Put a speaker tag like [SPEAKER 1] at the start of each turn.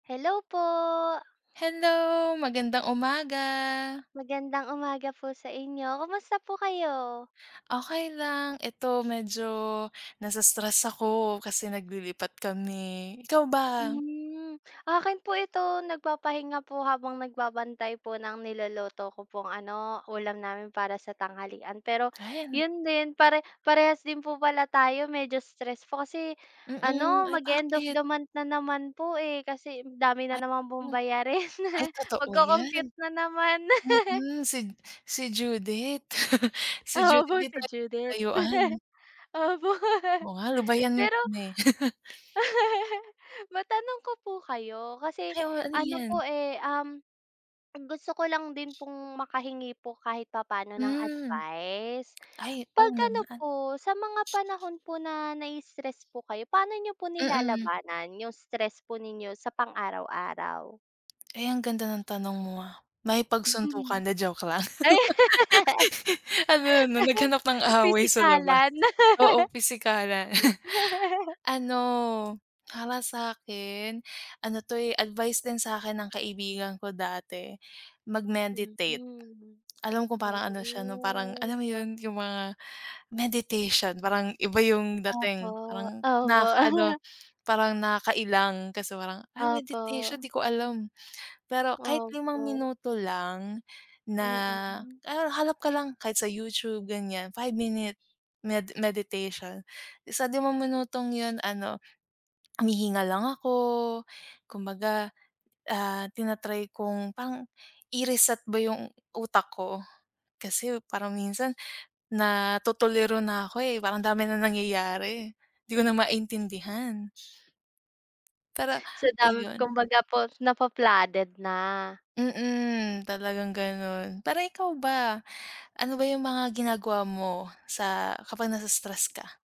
[SPEAKER 1] Hello po!
[SPEAKER 2] Hello, magandang umaga!
[SPEAKER 1] Magandang umaga po sa inyo, kumusta po kayo?
[SPEAKER 2] Okey lang, eto medyo na-i-stress ako kasi naglilipat kami, ikaw ba?
[SPEAKER 1] Hmm, 'akin po ito nagpapahinga po habang nagbabantay po ng niluluto ko pong ano, ulam namin para sa tanghalian pero,
[SPEAKER 2] Kain.
[SPEAKER 1] 'yun din pare parehas din po pala tayo medyo stress po kasi
[SPEAKER 2] Mm,
[SPEAKER 1] ano
[SPEAKER 2] ay
[SPEAKER 1] mag-e-end of
[SPEAKER 2] bakit?
[SPEAKER 1] the month na naman po, eh. Kasi dami
[SPEAKER 2] Ay.
[SPEAKER 1] na naman
[SPEAKER 2] M
[SPEAKER 1] pong bayarin
[SPEAKER 2] Ay totoo yan.
[SPEAKER 1] mag-co-compute na naman.
[SPEAKER 2] Mm, si si Judith. Si Judith
[SPEAKER 1] Opo,
[SPEAKER 2] 'di
[SPEAKER 1] si
[SPEAKER 2] tayo
[SPEAKER 1] Judith.
[SPEAKER 2] nilalayuan.
[SPEAKER 1] Opo.
[SPEAKER 2] Oo nga lubayan niyo
[SPEAKER 1] Pero.
[SPEAKER 2] kami.
[SPEAKER 1] Matanong ko po kayo kasi
[SPEAKER 2] Ay, oo ano
[SPEAKER 1] ano
[SPEAKER 2] yan?
[SPEAKER 1] po, eh, um, gusto ko lang din pong makahingi po kahit papaano ng
[SPEAKER 2] Hmm.
[SPEAKER 1] advice.
[SPEAKER 2] Ay, oo
[SPEAKER 1] 'Pag ano
[SPEAKER 2] naman.
[SPEAKER 1] po sa mga panahon po na na i-stress po kayo paano niyo po
[SPEAKER 2] Mm.
[SPEAKER 1] nilalabanan yung stress po ninyo sa pang araw-araw?
[SPEAKER 2] Ay ang ganda ng tanong mo, ah,
[SPEAKER 1] Hmm,
[SPEAKER 2] makipagsuntukan, 'di joke lang.
[SPEAKER 1] ay!
[SPEAKER 2] Ano 'no naghanap ng away sa labas,
[SPEAKER 1] Pisikalan.
[SPEAKER 2] oo pisikalan. Ano para sa akin, ano 'to, eh, advice din sa'kin ng kaibigan ko dati
[SPEAKER 1] Mm,
[SPEAKER 2] mag-meditate. Alam ko
[SPEAKER 1] oh!
[SPEAKER 2] parang ano siya 'no parang alam mo
[SPEAKER 1] What.
[SPEAKER 2] 'yun yung mga, meditation parang iba yung dating
[SPEAKER 1] Opo,
[SPEAKER 2] parang
[SPEAKER 1] opo.
[SPEAKER 2] nakaka-ano parang nakakailang kasi parang, "ah, meditation
[SPEAKER 1] Opo.
[SPEAKER 2] 'di ko alam" pero kahit 5
[SPEAKER 1] Opo.
[SPEAKER 2] minuto lang na,
[SPEAKER 1] Mm.
[SPEAKER 2] ha hanap ka lang kahit sa YouTube ganyan, 5 minute med meditation isa di mo minutong 'yun ano, humihinga lang ako kumbaga, ah, tina-try kung pang i-reset ba yung utak ko, kasi parang minsan natutuliro na ako, eh, parang dami ng nangyayari, 'di ko na maintindihan. Pero,
[SPEAKER 1] Sa dami
[SPEAKER 2] ayun.
[SPEAKER 1] kumbaga po na-fa-flooded na.
[SPEAKER 2] Mm, talagang gano'n parang ikaw ba, ano ba yung mga ginagawa mo sa kapag na-i-stress ka?